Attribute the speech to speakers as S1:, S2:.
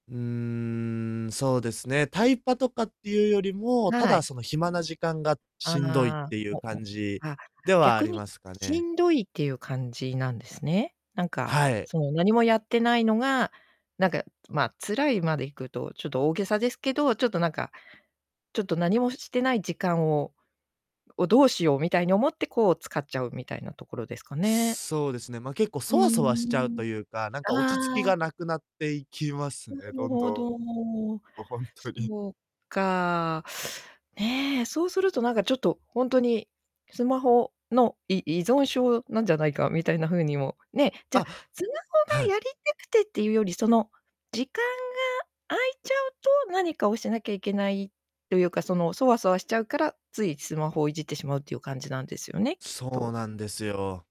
S1: うーん、そうですね、タイパとかってゆうよりも、た
S2: は
S1: だ
S2: い。
S1: その、暇な時間がしんどいっ
S2: ああ、
S1: てい
S2: お
S1: う感
S2: お、
S1: じ
S2: あ、
S1: ではあ
S2: 逆
S1: り
S2: に
S1: ますか
S2: し
S1: ね。
S2: んどいっていう感じなんですね。なんか、
S1: はい。
S2: その、なにもやってないのが、なんか、まあ、辛いまでいくとちょっと大げさですけど、ちょっとなんか、ちょっと、なにもししてない時間をを、どうしようみたいに思って、こう使っちゃうみたいなところですかね？
S1: そうですね。ま、結構、
S2: うー
S1: ソワソワしちゃう
S2: ん。
S1: とゆうか、なんか落ち着き
S2: ああ。
S1: がなくなっていきます
S2: な
S1: ね、
S2: る
S1: どんど
S2: ほど。
S1: ん。も、ほんとに。
S2: そうか。ね、そうするとなんかちょっとほんとに、スマホの、い依存症なんじゃないかみたいな風にも、ねじゃあ、
S1: あ。
S2: スマ
S1: は
S2: ホが
S1: い。
S2: やりたくてってゆうより、その、時間が空いちゃうと、なにかをしなきゃいけないとゆうか、その、そわそわしちゃうから、ついスマホをいじってしまうっていう感じなんですよね、きっ
S1: そう
S2: と。
S1: なんですよ。